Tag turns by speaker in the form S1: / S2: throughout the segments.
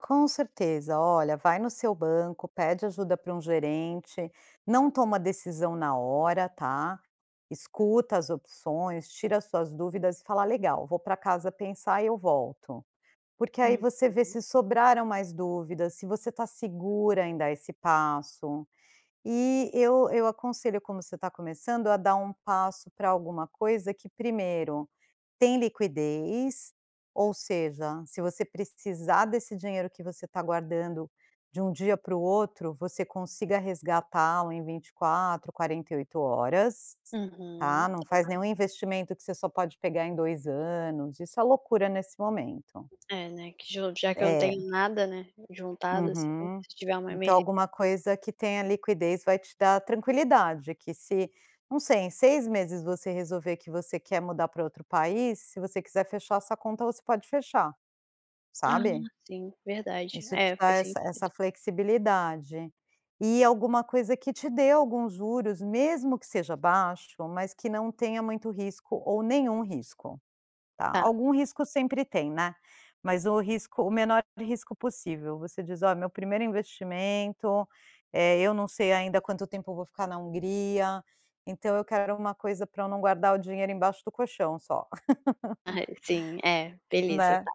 S1: Com certeza. Olha, vai no seu banco, pede ajuda para um gerente. Não toma decisão na hora, tá. Escuta as opções, tira as suas dúvidas e fala: “Legal, vou pra casa pensar e eu volto”. Porque aí
S2: Uhum.
S1: você vê se sobraram mais dúvidas, se você está segura em dar esse passo. E eu eu aconselho, como você está começando, a dar um passo para alguma coisa que primeiro: tem liquidez, ou seja, se você precisar desse dinheiro que você está guardando, de um dia para o outro você consiga resgatá-lo em 24, 48 horas,
S2: Uhum,
S1: tá. Não faz nenhum
S2: é.
S1: investimento que você só pode pegar em 2 anos. Isso é loucura nesse momento.
S2: É, né, que já já que eu não tenho
S1: É.
S2: nada, né, juntado assim,
S1: Uhum.
S2: se tiver uma
S1: Então
S2: emergê
S1: alguma coisa que tenha liquidez vai te dar tranquilidade que se, não sei, em 6 meses você resolver que você quer mudar pra outro país, se você quiser fechar a sua conta, você pode fechar.
S2: Ah
S1: Sabe?
S2: sim, verdade,
S1: Isso te
S2: é,
S1: dá
S2: faz
S1: essa essa
S2: sentido.
S1: flexibilidade. E alguma coisa que te dê algum juros, mesmo que seja baixo, mas que não tenha muito risco, ou nenhum risco, tá.
S2: Tá.
S1: Algum risco sempre tem, né. Mas o risco o menor de risco possível. Você diz: “Ó, é meu primeiro investimento. Eh, eu não sei ainda quanto tempo eu vou ficar na Hungria, então eu quero uma coisa para eu não guardar o dinheiro embaixo do colchão só”.
S2: Ah sim, é, beleza
S1: Né?
S2: tá.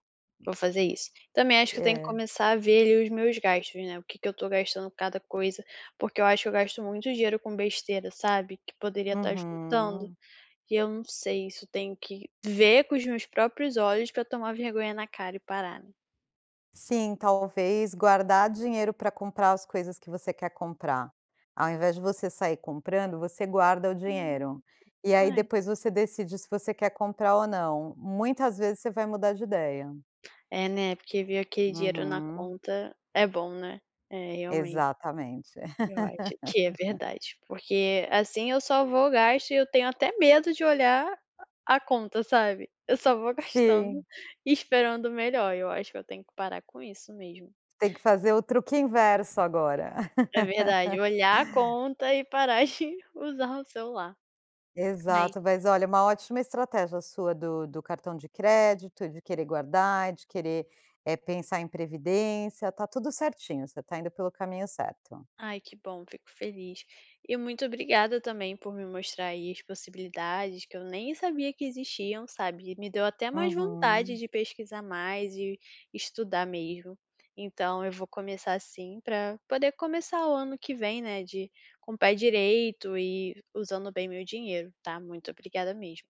S2: Vou fazer isso. Também acho que eu tenho que
S1: É.
S2: começar a ver ali os meus gastos, né. O que que eu estou gastando cada coisa, porque eu acho que eu gasto muito dinheiro com besteira, sabe? Que poderia estar juntando.
S1: Uhum.
S2: E eu não sei se eu tenho que ver com os meus próprios olhos pra eu tomar vergonha na cara e parar.
S1: Sim, talvez guardar dinheiro para comprar as coisas que você quer comprar. Ao invés de você sair comprando, você guarda o
S2: Hum,
S1: dinheiro. E aí
S2: é.
S1: depois você decide se você quer comprar ou não. Muitas vezes você vai mudar de ideia.
S2: É, né, porque ver aquele dinheiro na
S1: Uhum.
S2: conta é bom, né. É realmente.
S1: Exatamente.
S2: Eu acho que é verdade, porque assim eu só vou gasto e eu tenho até medo de olhar a conta, sabe. Eu só vou gastando
S1: Sim.
S2: e esperando o melhor. Eu acho que eu tenho que parar com isso mesmo.
S1: Tem que fazer o truque inverso agora.
S2: É verdade, olhar a conta e parar de usar o celular. Mas
S1: Exato, mas olha, uma ótima estratégia sua do do cartão de crédito, de querer guardar, de querer, eh, pensar em previdência, está tudo certinho, você está indo pelo caminho certo.
S2: Ai que bom, fico feliz. E muito obrigada também por me mostrar aí as possibilidades que eu nem sabia que existiam, sabe. Me deu até mais vontade
S1: Uhum.
S2: de pesquisar mais e estudar mesmo. Então eu vou começar sim, pra poder começar o ano que vem, né, de com o pé direito e usando bem meu dinheiro, tá. Muito obrigada mesmo.